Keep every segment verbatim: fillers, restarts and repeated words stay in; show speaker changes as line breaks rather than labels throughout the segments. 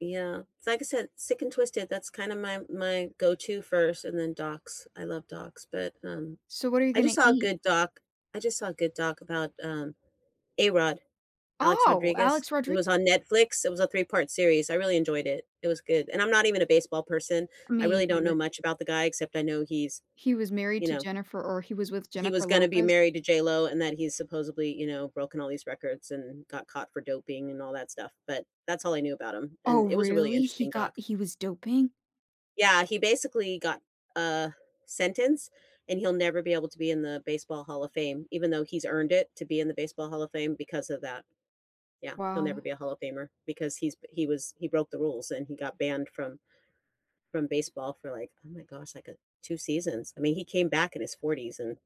Yeah. It's like I said, Sick and Twisted, that's kinda my my go to first, and then docs. I love docs, but, um,
So what are you
I just
gonna
saw a
eat?
good doc I just saw a good doc about, um, A-Rod, Alex
Oh,
Rodriguez.
Alex
It
Rodri
was on Netflix. It was a three part series. I really enjoyed it, it was good. And I'm not even a baseball person.
I
I
mean,
really
he
don't know
was
much about the guy except I know he's,
he was married
you
to
know
Jennifer or he was with
he was
Jennifer
gonna be
Lopez?
married to JLo and that he's supposedly, you know, broken all these records and got caught for doping and all that stuff, but that's all I knew about him. And
Oh,
it was a really
really? He
interesting
got
doc.
he was doping?
Yeah. He basically got a sentence, and he'll never be able to be in the Baseball Hall of Fame even though he's earned it to be in the Baseball Hall of Fame because of that. Yeah. He'll never
Wow.
be a Hall of Famer because he's he was he broke the rules and he got banned from from baseball for, like, oh my gosh, like, uh, two seasons. I mean, he came back in his 40's (PRO: forties) and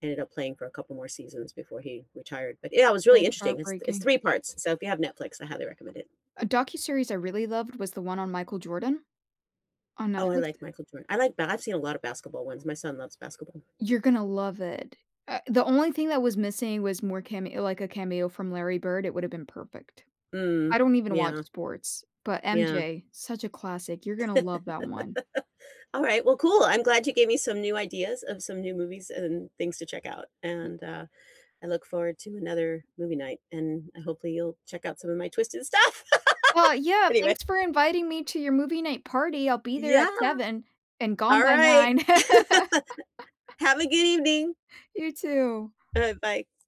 ended up playing for a couple more seasons before he retired, but, yeah, it was really
That's
interesting. It's it's
heartbreaking.
three parts. So if you have Netflix, I highly recommend it.
A docuseries I really loved was the one on Michael Jordan on
Oh, I
Netflix.
like Michael Jordan. I like ba I've seen a lot of basketball ones. My son loves basketball.
You're gonna love it. Uh, the only thing that was missing was more came like a cameo from Larry Bird. It would have been perfect.
Mm.
I don't even watch
Yeah.
sports. But
Yeah.
MJ, such a classic. You're gonna love that one.
Alright. Well, cool. I'm glad you gave me some new ideas of some new movies and things to check out.
Y
And, uh, I look forward to another movie night, and I hopefully you'll check out some of my Twisted stuff
Oh, Yeah.
anyway.
Thanks for inviting me to your movie night party. I'll be there
Yeah.
at seven and gone by
Alright.
nine.
Have a good evening.
You too.
Alright. Bye.